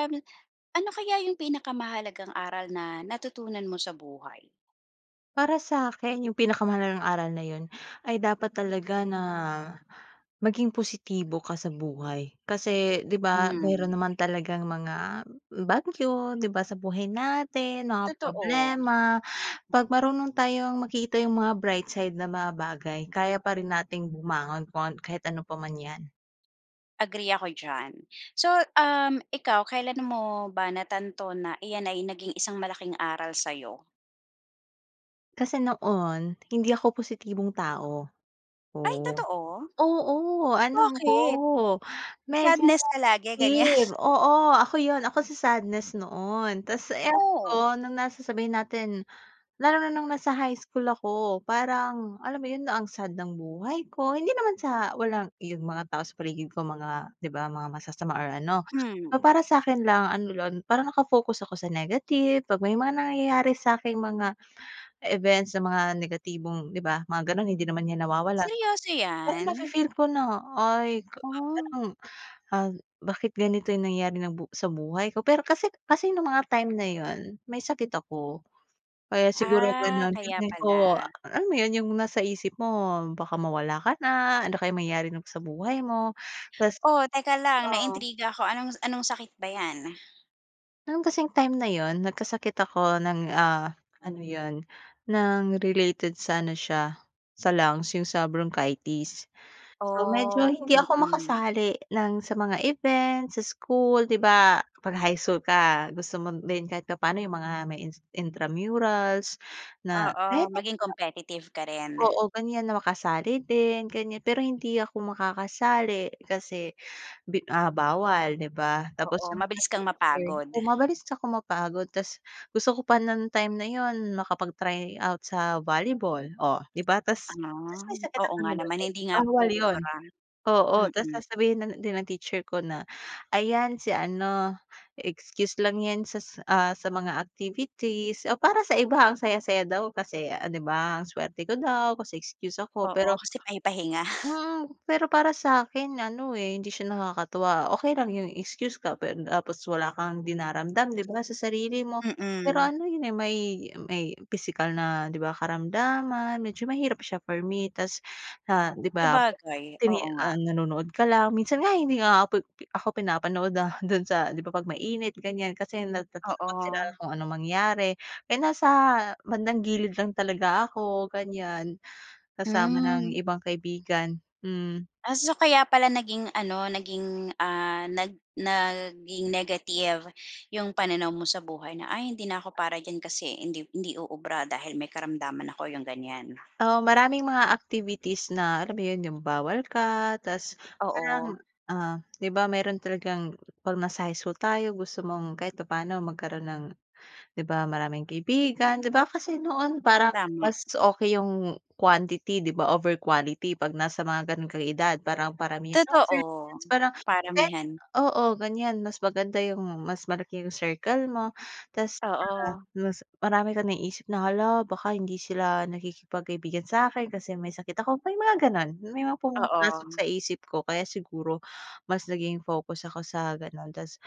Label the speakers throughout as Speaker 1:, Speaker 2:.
Speaker 1: Um, ano kaya yung pinakamahalagang aral na natutunan mo sa buhay?
Speaker 2: Para sa'kin yung pinakamahalagang aral na yun ay dapat talaga na maging positibo ka sa buhay. Kasi 'di ba meron
Speaker 1: Hmm.
Speaker 2: naman talagang mga bagyo, 'di ba, sa buhay natin, mga
Speaker 1: Totoo.
Speaker 2: problema. 'Pag marunong tayong makita yung mga bright side na mga bagay kaya pa rin nating bumangon kuwan kahit ano pa man 'yan.
Speaker 1: Agree ako diyan. So, um, ikaw kailan mo ba natanto na iyan ay naging isang malaking aral sa 'yo?
Speaker 2: Kasi noon, hindi ako positibong tao,
Speaker 1: Ay
Speaker 2: oo.
Speaker 1: totoo?
Speaker 2: Oo, ano ako
Speaker 1: Bakit?
Speaker 2: medyo
Speaker 1: Sadness ka lagi, ganyan?
Speaker 2: negative. Oo, ako yun, ako si sadness noon. Tapos
Speaker 1: Oh.
Speaker 2: eto nung na sasabihin natin lalo na nung nasa high school ako parang alam mo yun 'no, ang sad ng buhay ko. Hindi naman sa walang yung mga tao sa paligid ko mga, di ba, mga masasama or ano.
Speaker 1: Hmm.
Speaker 2: Pero para sa'kin lang ano lang, parang naka-focus ako sa negative, 'pag may mga nangyayari sa aking mga events na mga negatibong di ba, mga ganun hindi naman 'yan nawawala.
Speaker 1: Seryoso
Speaker 2: Pero
Speaker 1: 'yan?
Speaker 2: nafi-feel ko na ay
Speaker 1: Ah.
Speaker 2: parang, ah, bakit ganito yung nangyayari ng bu sa buhay ko. Pero kasi kasi nung mga time na yun may sakit ako kaya siguro
Speaker 1: Ah,
Speaker 2: gano'n.
Speaker 1: kaya
Speaker 2: Feeling ko a
Speaker 1: pala.
Speaker 2: alam mo yun yung nasa isip mo baka mawala ka na, ano kayo mangyayari nung sa buhay mo. Tapos
Speaker 1: O teka lang,
Speaker 2: oh.
Speaker 1: naintriga ako. Anong, anong sakit ba 'yan?
Speaker 2: No'n kasing time na 'yon nagkasakit ako ng, ah, ano 'yon ng related sa ano siya sa lungs, 'yung sa bronchitis. So, medyo
Speaker 1: Oh.
Speaker 2: hindi ako
Speaker 1: Mm.
Speaker 2: makasali ng sa mga event, sa school, 'di ba 'pag high school ka gusto mo din kahit papaano 'yung mga may in intramurals na
Speaker 1: Oo,
Speaker 2: kahit ganito.
Speaker 1: maging competitive ka rin.
Speaker 2: Oo, ganiyan na makasali din ganiyan pero hindi ako makakasali kasi bi ah, bawal, 'di ba? Tapos
Speaker 1: Oo,
Speaker 2: 'yung mga
Speaker 1: mabilis kang
Speaker 2: teacher
Speaker 1: mapagod.
Speaker 2: oo mabalis ako mapagod tapos gusto ko pa ng time na 'yon makapag-try out sa volleyball o, 'di ba? Tapos tapos
Speaker 1: Ah,
Speaker 2: may sakit
Speaker 1: oo nga
Speaker 2: naman
Speaker 1: naman
Speaker 2: ako,
Speaker 1: hindi nga
Speaker 2: bawal 'yon,
Speaker 1: uubra,
Speaker 2: oo. Tapos
Speaker 1: mm.
Speaker 2: sasabihin na din ng teacher ko na ayan si ano, excuse lang 'yan sa, ah, sa mga activities, o para sa iba ang saya-saya daw kasi 'di ba, ang suwerte ko daw kasi excuse ako
Speaker 1: Oo,
Speaker 2: pero,
Speaker 1: kasi pahi-pahinga.
Speaker 2: wow, pero para sa akin ano, eh, hindi siya nakakatuwa. Okey lang 'yung excuse ka pero tapos wala kang dinaramdam 'di ba, sa sarili mo. Pero
Speaker 1: Mm.
Speaker 2: ano 'yun, eh, may may pisikal na 'di ba, karamdaman medyo mahirap siya for me. Tapos na 'di ba,
Speaker 1: Sabagay,
Speaker 2: tini
Speaker 1: oo nga.
Speaker 2: ah, nanonood ka lang, minsan nga, hindi nga ako pinapanood dahil do'n sa 'di ba, 'pag mainit ganiyan kasi natatakot sila
Speaker 1: Oo.
Speaker 2: kung anong mangyari, eh, nasa bandang gilid lang talaga ako ganiyan, kasama ng
Speaker 1: Hmm.
Speaker 2: ibang kaibigan, hmm.
Speaker 1: Ah. So, kaya pala naging ano naging, ah, nag naging negative 'yung pananaw mo sa buhay na, "Ay hindi na ako para diyan kasi hindi hindi uubra dahil may karamdaman ako," 'yung ganiyan.
Speaker 2: Oo, maraming mga activities na alam mo 'yon 'yung bawal ka tapos parang,
Speaker 1: Oo.
Speaker 2: ah, 'di ba meron talagang 'pag nasa high school tayo gusto mong kahit papaano magkaroon ng 'di ba maraming kaibigan, 'di ba kasi noon parang
Speaker 1: Tama.
Speaker 2: mas okey 'yung quantity 'di ba over quality 'pag nasa mga gano'n kang edad, parang paramihan ng
Speaker 1: Totoo.
Speaker 2: friends parang kahit
Speaker 1: Paramihan.
Speaker 2: oo, ganiyan. Mas maganda 'yung mas malaki yung circle mo, tapos 'di ba
Speaker 1: Oo.
Speaker 2: mas marami kang naiisip na, hala baka hindi sila nakikipag kaibigan sa'kin kasi may sakit ako, may mga gano'n. May mga pumapasok
Speaker 1: Oo.
Speaker 2: sa isip ko kaya siguro mas naging focus ako sa gano'n tapos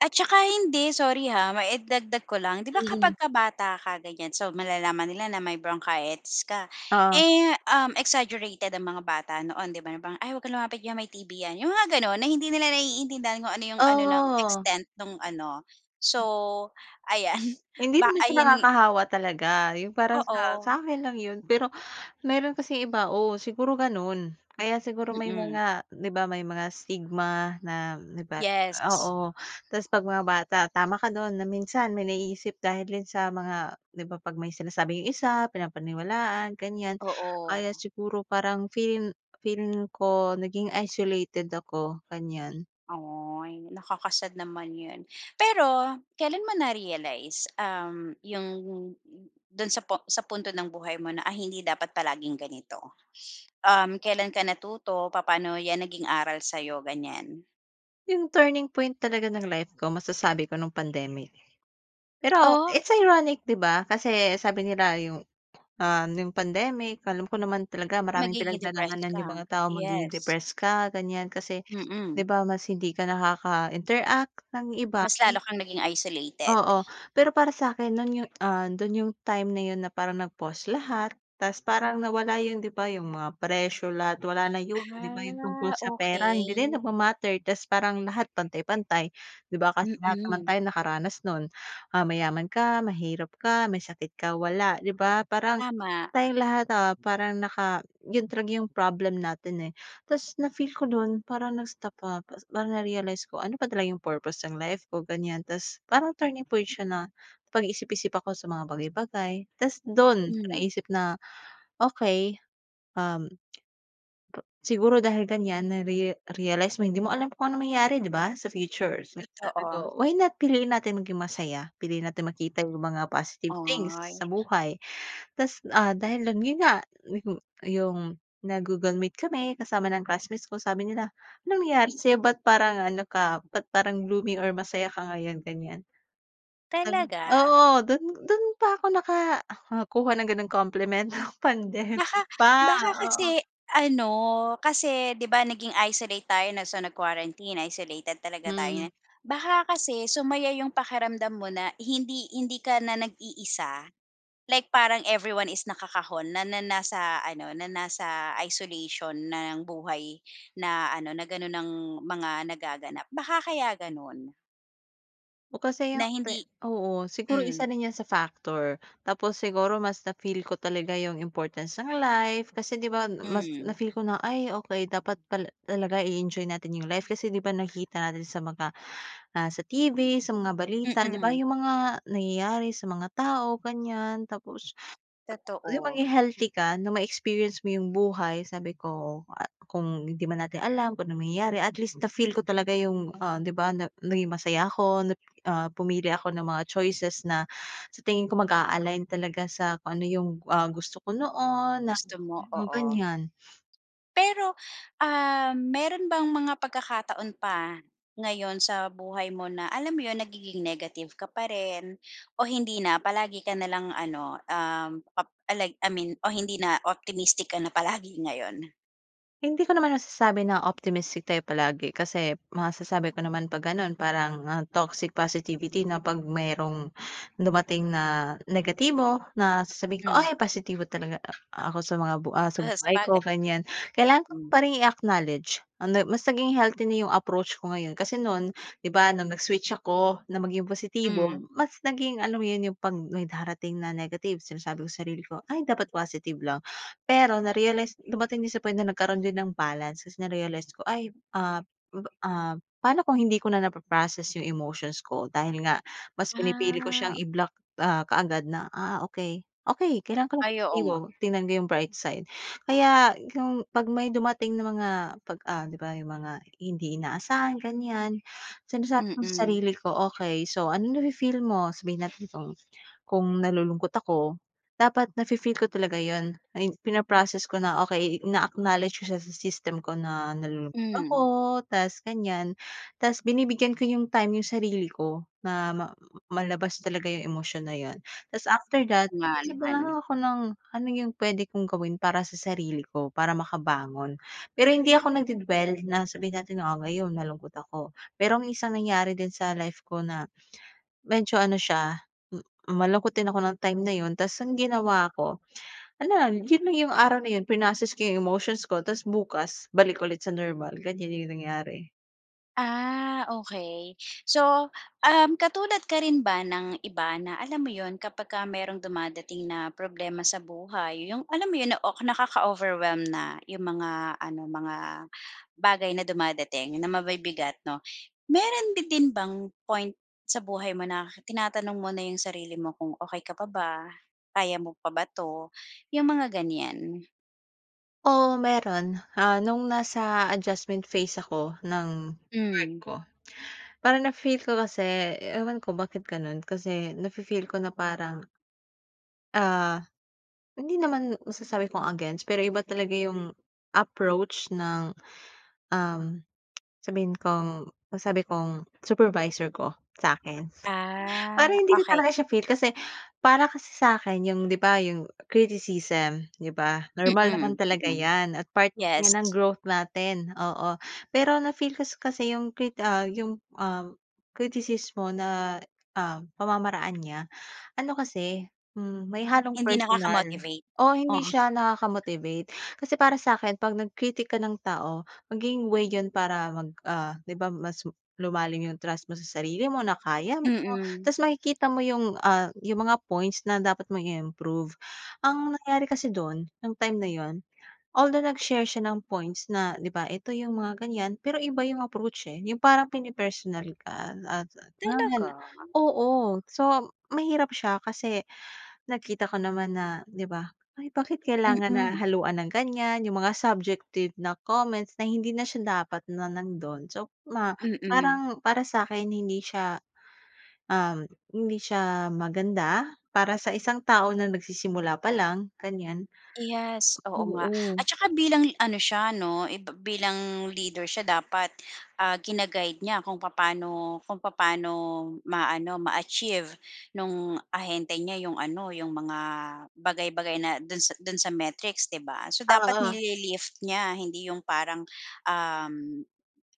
Speaker 1: At saka hindi, sorry ha, maidagdag ko lang. 'Di ba
Speaker 2: Mm.
Speaker 1: kapagka bata ka ganiyan, so malalaman nila na may bronchitis ka,
Speaker 2: Oo.
Speaker 1: eh, um, exaggerated ang mga bata noon 'di ba, na parang, "Ay huwag kang lumapit diyan may TB 'yan. "Yung mga gano'n, na hindi nila naiintindihan kung ano 'yung ano ng
Speaker 2: Oh.
Speaker 1: extent nung ano. So, ayan
Speaker 2: Hindi
Speaker 1: ba
Speaker 2: naman siya
Speaker 1: ayan
Speaker 2: nakakahawa talaga, 'yung parang sa sa
Speaker 1: Oo.
Speaker 2: akin lang 'yon. Pero meron kasing iba oo siguro gano'n. Kaya siguro may
Speaker 1: Mm.
Speaker 2: mga 'di ba may mga stigma na 'di ba,
Speaker 1: Yes.
Speaker 2: oo. Tapos, 'pag mga bata, tama ka don na minsan may naiisip dahil din sa mga 'di ba, 'pag may sinasabi 'yung isa pinapaniwalaan, ganiyan.
Speaker 1: Oo.
Speaker 2: Kaya siguro parang feel feeling ko naging isolated ako ganiyan.
Speaker 1: Ay, nakaka-sad naman 'yan. Pero, kailan mo na realize, um, 'yung do'n sa pu sa punto ng buhay mo na, ay hindi dapat palaging ganito? Um, kailan ka natuto, papaano 'yan naging aral sa'yo, ganiyan?
Speaker 2: 'Yung turning point talaga ng life ko masasabi ko nung pandemic. Pero,
Speaker 1: Oh?
Speaker 2: it's ironic, 'di ba? Kasi, sabi nila 'yung, ah, no'ng pandemic, alam ko naman talaga maraming
Speaker 1: Magiging depressed
Speaker 2: pinagdadaanan 'yung
Speaker 1: ka,
Speaker 2: mga tao, magiging
Speaker 1: yes.
Speaker 2: depressed ka ganiyan, kasi 'di
Speaker 1: Mm.
Speaker 2: ba mas hindi ka nakaka-interact ng iba,
Speaker 1: Mas lalo
Speaker 2: hmm.
Speaker 1: kang naging isolated.
Speaker 2: Oo, pero para sa'kin no'n 'yung, ah, don 'yung time na 'yon na parang nag-pause lahat, tapos parang nawala 'yung 'di ba, 'yung mga pressure lahat wala na 'yon 'di ba, 'yung tungkol
Speaker 1: Ah.
Speaker 2: sa pera hindi na 'yan
Speaker 1: Okey.
Speaker 2: nagma-matter tapos parang lahat pantay-pantay 'di ba, kasi lahat naman
Speaker 1: Mm.
Speaker 2: tayo nakaranas no'n. Ah, mayaman ka, mahirap ka, may sakit ka, wala, 'di ba? Parang
Speaker 1: Tama.
Speaker 2: tayong lahat, ah, parang naka 'yung talaga 'yung problem natin, eh. Tapos na feel ko do'n parang nag-stop, ah, parang na-realize ko ano ba talaga 'yung purpose ng life ko, ganiyan. Tapos parang turning point siya, napag-isip-isip ako sa mga bagay-bagay tapos do'n
Speaker 1: Hmm.
Speaker 2: naisip na okey, um, siguro dahil ganiyan nare-realized mo, hindi mo alam kung anong mangyari 'di ba sa future. Kaya sabi
Speaker 1: Totoo.
Speaker 2: ko, why not piliin natin maging masaya? Piliin natin makita 'yung mga positive things
Speaker 1: Ay.
Speaker 2: sa buhay. Tapos, ah, dahil dun 'yon nga 'yung 'yung nag-Google meet kami kasama ng classmates ko sabi nila, "anong nangyari sa'yo, ba't parang ano ka, ba't parang blooming or masaya ka ngayon?" ganiyan.
Speaker 1: Talaga?
Speaker 2: Oo, do'n do'n pa ako nakakuha ng gano'ng compliment, pandemic
Speaker 1: Baka
Speaker 2: pa,
Speaker 1: baka
Speaker 2: oo.
Speaker 1: kasi ano, kasi 'di ba naging isolate tayo na so nag-quarantine, isolated talaga tayo
Speaker 2: Hmm.
Speaker 1: niyan. Baka kasi sumaya 'yung pakiramdam mo na hindi hindi ka na nag-iisa, like parang everyone is nakakahon na na nasa ano na nasa isolation ng buhay na ano na gano'n ang mga nagaganap, baka kaya gano'n.
Speaker 2: O kasi
Speaker 1: Na
Speaker 2: yung
Speaker 1: hindi
Speaker 2: te oo, siguro isa
Speaker 1: hmm.
Speaker 2: rin yan sa factor. Tapos, siguro mas na-feel ko talaga yung importance ng life. Kasi, 'di ban mas
Speaker 1: Hmm.
Speaker 2: na-feel ko na, "Ay, okey dapat pala talaga i-enjoy natin yung life." Kasi, 'di ba, nakikita natin sa mga, ah, sa TV, sa mga balita, 'di ba,
Speaker 1: Mm.
Speaker 2: yung mga nangyayari sa mga tao, ganyan. Tapos, yung
Speaker 1: Totoo.
Speaker 2: mga healthy ka na may experience mo yung buhay. Sabi ko, ah, kung hindi man natin alam kung ano mangyayari at least na-feel ko talaga yung, ah 'di ba, na naging masaya ako nap ah, pumili ako ng mga choices na sa tingin ko mag-a-align talaga sa kung ano yung, ah, gusto ko noon na
Speaker 1: Gusto mo,
Speaker 2: mm,
Speaker 1: oo.
Speaker 2: ganyan.
Speaker 1: Pero, um, meron bang mga pagkakataon pa ngayon sa buhay mo na alam mo 'yon nagiging negative ka pa rin o hindi na? Palagi ka na lang ano, um, pap alay I mean o hindi na optimistic ka na palagi ngayon?
Speaker 2: Hindi ko naman nasasabi na optimistic tayo palagi kasi masasabi ko naman 'pag gano'n parang, ah, toxic positivity na 'pag merong dumating na negatibo na sasabihin ko
Speaker 1: Hmm.
Speaker 2: "Ay, positibo talaga a ako sa mga bu ah, sa
Speaker 1: Ah,
Speaker 2: buhay ko
Speaker 1: sabagay,
Speaker 2: ganyan." Kailangan ko
Speaker 1: mm.
Speaker 2: pa ring i-acknowledge, ah, na mas naging healthy na yung approach ko ngayon. Kasi no'n, 'di ba, nung nag-switch ako na maging positibo,
Speaker 1: Hmm.
Speaker 2: mas naging alam mo yun, yung 'pag may darating na negative sinasabi ko sarili ko, "Ay, dapat positive lang." Pero narealize dumating din sa point na nagkaroon din ng balance. Kasi narealize ko ay, ah, pa ah, paano kung hindi ko na napa-process yung emotions ko dahil nga mas pinipili ko siyang
Speaker 1: Ah.
Speaker 2: i-block, ah, kaagad na, "Ah, okey, okey, kailangan ko lang
Speaker 1: Ay, oo
Speaker 2: positibo.
Speaker 1: nga.
Speaker 2: Tignan ko yung bright side." Kaya yung 'pag may dumating na mga 'pag ah, 'di ba, yung mga hindi inaasahan, ganyan. Sinasabi ko sa
Speaker 1: Mm.
Speaker 2: sarili ko okey. So, anong nafi-feel mo? Sabihin natin kung kung nalulungkot ako dapat nafi-feel ko talaga yun. Ayun, pina-process ko na okey ina-acknowledge ko siya sa system ko na nalulungkot ako
Speaker 1: Hmm.
Speaker 2: tas ganyan. Tas binibigyan ko yung time yung sarili ko na ma malabas talaga yung emosyon na yun. Tas, after
Speaker 1: O,
Speaker 2: that
Speaker 1: nga
Speaker 2: isip na lang
Speaker 1: naman.
Speaker 2: ako ng ano yung pwede kong gawin para sa sarili ko para makabangon. Pero hindi ako nagde-dwell na sabihin natin na, "Oh, ngayon malungkot ako." Merong isang nangyari din sa life ko na medyo ano siya m malungkot din ako nong time na yun. Tas ang ginawa ko ano lang, yun na yung araw na yun prinocess ko yung emotions ko tas bukas balik ulit sa normal ganyan yung nangyari.
Speaker 1: Ah, okey. So, um, katulad ka rin ba ng iba na alam mo 'yon kapag ka mayrong dumadating na problema sa buhay 'yong alam mo 'yon, na ok nakaka-overwhelm na 'yong mga ano mga bagay na dumadating na mabibigat 'no. Mayro'n ba din bang point sa buhay mo na tinatanong mo na 'yong sarili mo kung okey ka pa ba, kaya mo pa ba 'to, 'yong mga ganiyan?
Speaker 2: Oo, mayro'n. Ah, nung nasa adjustment phase ako nung work
Speaker 1: Hmm.
Speaker 2: ko. Parang na-feel ko kasi ewan ko bakit gano'n kasi nafi-feel ko na parang Ah, hindi naman masasabi kong against pero iba talaga yung approach ng, um, sabihin kong nasabi kong supervisor ko, sa'kin.
Speaker 1: Ah,
Speaker 2: Parang hindi ko
Speaker 1: okey.
Speaker 2: talaga siya feel kasi para kasi sa 'kin yung 'di ba yung criticism 'di ba, normal naman
Speaker 1: Mm,
Speaker 2: talaga
Speaker 1: mm.
Speaker 2: 'yan at part 'yan ng
Speaker 1: Yes.
Speaker 2: growth natin, oo. Pero na-feel kas kasi yung krit ah, yung, um, kritisismo na, ah, pamamaraan niya. Ano kasi, hmm, may halong
Speaker 1: Hindi
Speaker 2: personal,
Speaker 1: nakakamotivate.
Speaker 2: oo, hindi
Speaker 1: Oo.
Speaker 2: siya nakaka-motivate. Kasi para sa 'kin 'pag nag-critic ka ng tao maging way 'yun para mag, ah, 'di ba mas lumalim yung trust mo sa sarili mo na kaya mo
Speaker 1: Mm.
Speaker 2: ta's makikita mo yung, ah, yung mga points na dapat mong i-improve. Ang nangyari kasi do'n nung time na 'yon, although nag-share siya ng points na 'di ba, ito yung mga ganyan, pero iba yung approach, eh, yung parang pini-personal ka.
Speaker 1: Talaga?
Speaker 2: [unintelligible] Oo, so mahirap siya kasi nakita ko naman na, 'di ba ay, bakit kailangan na
Speaker 1: Mm.
Speaker 2: haluan ng ganyan yung mga subjective na comments na hindi na siya dapat na nando'n. So ma
Speaker 1: Mm.
Speaker 2: parang para sa 'kin hindi siya, um, hindi siya maganda para sa isang tao na nagsisimula pa lang, ganiyan
Speaker 1: Yes, oo nga.
Speaker 2: Oo.
Speaker 1: At saka bilang ano siya 'no, eh, bi bilang leader siya dapat, ah, gina-guide niya kung papaano kung papaano ma-ano ma-achieve no'ng ahente niya 'yong ano, 'yong mga bagay-bagay na do'n sa do'n sa metrics 'di ba? So
Speaker 2: Ah,
Speaker 1: dapat
Speaker 2: oo.
Speaker 1: nili-lift niya hindi 'yong parang, um,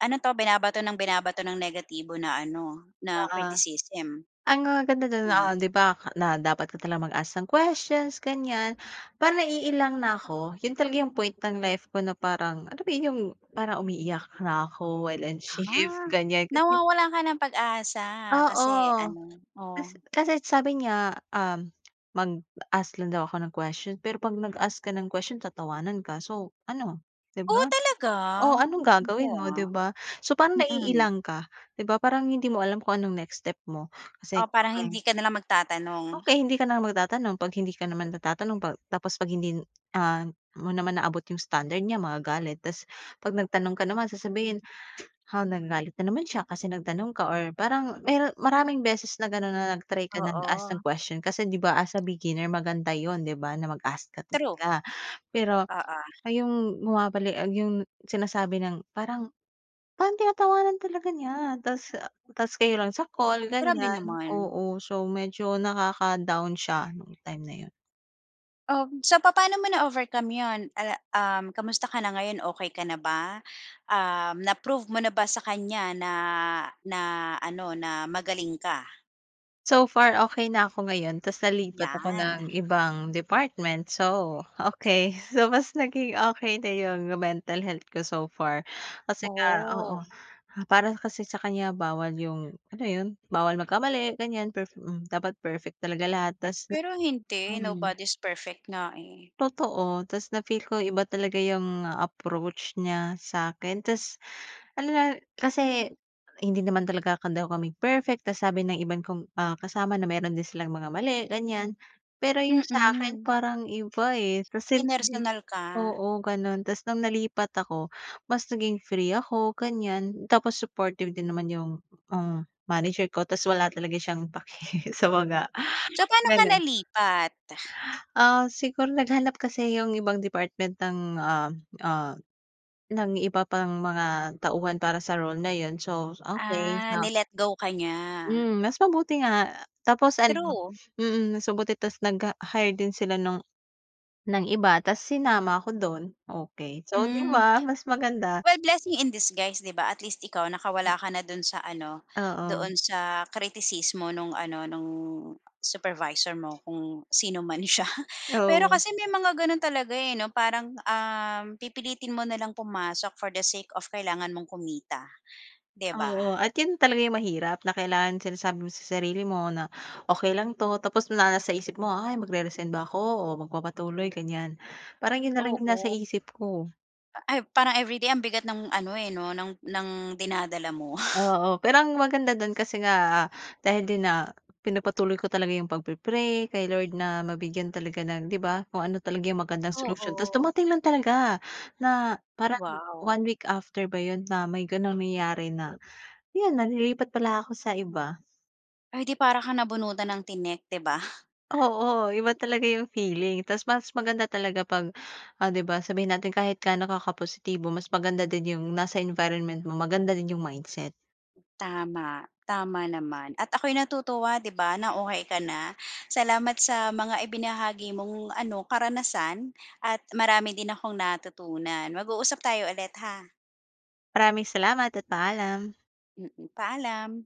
Speaker 1: ano 'to binabato ng binabato ng negatibo na ano, na
Speaker 2: Oo.
Speaker 1: criticism.
Speaker 2: Ang maganda do'n,
Speaker 1: Hmm.
Speaker 2: ah, 'di ba na dapat ka talagang mag-ask ng questions ganiyan. Parang naiilang na 'ko 'yun talaga yung point ng life ko na parang alam mo yung parang umiiyak na 'ko while on shift,
Speaker 1: Ah!
Speaker 2: ganiyan kasi
Speaker 1: Nawawalan ka ng pag-asa
Speaker 2: oo.
Speaker 1: kasi ano. Oh.
Speaker 2: Kasi kasi sabi niya, um, mag-ask lang daw ako ng question pero 'pag nag-ask ka ng question tatawanan ka so, ano 'di
Speaker 1: Oh,
Speaker 2: ba?
Speaker 1: talaga?
Speaker 2: Oh, anong
Speaker 1: Naku,
Speaker 2: gagawin mo
Speaker 1: ha.
Speaker 2: 'di ba? So parang
Speaker 1: Mm.
Speaker 2: naiilang ka. 'Di ba, parang hindi mo alam kung anong next step mo kasi.
Speaker 1: O parang
Speaker 2: [unintelligible]
Speaker 1: hindi ka na lang magtatanong.
Speaker 2: Okey, hindi ka na magtatanong 'pag hindi ka naman natatanong 'pag tapos 'pag hindi, ah, mo naman naabot yung standard niya magagalit ta's 'pag nagtanong ka naman sasabihin, ha, nagagalit na naman siya kasi nagtanong ka or parang mero maraming beses na gano'n na nag-try ka nag-ask ng
Speaker 1: Oo.
Speaker 2: question kasi 'di ba as a beginner maganda 'yon 'di ba na mag-ask ka
Speaker 1: True.
Speaker 2: talaga. Pero,
Speaker 1: Oo.
Speaker 2: ah, 'yong bumabali ah, 'yong sinasabi ng parang parang tinatawanan talaga niya ta's ah, ta's kayo lang sa call
Speaker 1: Grabe
Speaker 2: ganiyan.
Speaker 1: naman.
Speaker 2: Oo, so medyo nakaka-down siya nung time na 'yon.
Speaker 1: Um, so papa'no mo na-overcome yun, uh, um, kumusta ka na ngayon, okey ka na ba? Um, na-prove mo na ba sa kanya na na ano, na magaling ka?
Speaker 2: So far okey na ako ngayon ta's nalipat ako
Speaker 1: Yan.
Speaker 2: ng ibang department, so okey. So mas naging okey na 'yung mental health ko so far. Kasi nga
Speaker 1: Oh.
Speaker 2: oo, ah para kasi sa kanya bawal 'yung, alam mo 'yun, bawal magkamali ganiyan perfe hmm, dapat perfect talaga lahat ta's na
Speaker 1: Pero hindi,
Speaker 2: mhm.
Speaker 1: nobody's perfect nga, eh.
Speaker 2: Totoo, ta's na feel ko iba talaga 'yung approach niya sa'kin, ta's ano na kasi hindi naman talaga ka daw kami perfect ta's sabi ng ibang kong, ah, kasama na meron din silang mga mali ganiyan. Pero 'yung sa akin
Speaker 1: Mm.
Speaker 2: parang iba, eh, kasi 'di
Speaker 1: Pinersonal ka.
Speaker 2: oo ganun ta's nung nalipat ako mas naging free ako ganiyan, tapos supportive din naman 'yung, ah, manager ko tapos wala talaga siyang pake sa mga
Speaker 1: So pa'no ka
Speaker 2: ganun.
Speaker 1: nalipat?
Speaker 2: Ah, siguro naghanap kasi 'yung ibang department ng, ah ah ng iba pang mga tauhan para sa role na 'yun so okey,
Speaker 1: Ah, ni
Speaker 2: so
Speaker 1: let go ka niya.
Speaker 2: Hmm, mas mabuti nga, tapos ano
Speaker 1: True.
Speaker 2: mm, mas mabuti tapos nag, ah, hire din sila nung ng iba ta's sinama ako dun, okey so 'di
Speaker 1: Hmm.
Speaker 2: ba mas maganda.
Speaker 1: Well blessing in disguise 'di ba at least ikaw nakawala ka na dun sa ano,
Speaker 2: Oo.
Speaker 1: doon sa kritisismo nung ano nung supervisor mo kung sino man siya. Pero
Speaker 2: Oo.
Speaker 1: kasi may mga ganun talaga, eh, 'no parang, um, pipilitin mo na lang pumasok for the sake of kailangan mong kumita, 'di ba?
Speaker 2: Oo at 'yun talaga 'yung mahirap na kailangan sinasabi mo sa sarili mo na "Okey lang 'to" tapos na nasa isip mo ay mag-re-resign ba ako o magpapatuloy ganiyan, parang 'yun na lang 'yung nasa
Speaker 1: Oo.
Speaker 2: isip ko.
Speaker 1: Ay parang everyday ang bigat ng ano, eh, 'no ng ng dinadala mo.
Speaker 2: Oo, pero ang maganda dun kasi nga, ah, dahil din, ah, pinagpatuloy ko talaga 'yung pagpi-pray kay Lord na mabigyan talaga ng 'di ba kung ano talaga 'yung magandang solusyon. Tapos
Speaker 1: Oo.
Speaker 2: dumating lang talaga, na parang
Speaker 1: Wow!
Speaker 2: one week after ba 'yun na may ganung nangyari na, 'yun na lilipat pala ako sa iba.
Speaker 1: Ay di para kang nabunutan ng tinik 'di ba.
Speaker 2: Oo, iba talaga 'yung feeling ta's mas maganda talaga pag, oh 'di ba sabihin natin kahit gaano ka ka-positibo mas maganda din 'yung nasa environment mo maganda din 'yung mindset.
Speaker 1: Tama, tama naman, at ako'y natutuwa 'di ba na okey ka na. Salamat sa mga ibinahagi mong ano karanasan at marami din akong natutunan. Mag-uusap tayo ulit ha.
Speaker 2: Maraming salamat at paalam!
Speaker 1: Mm, paalam!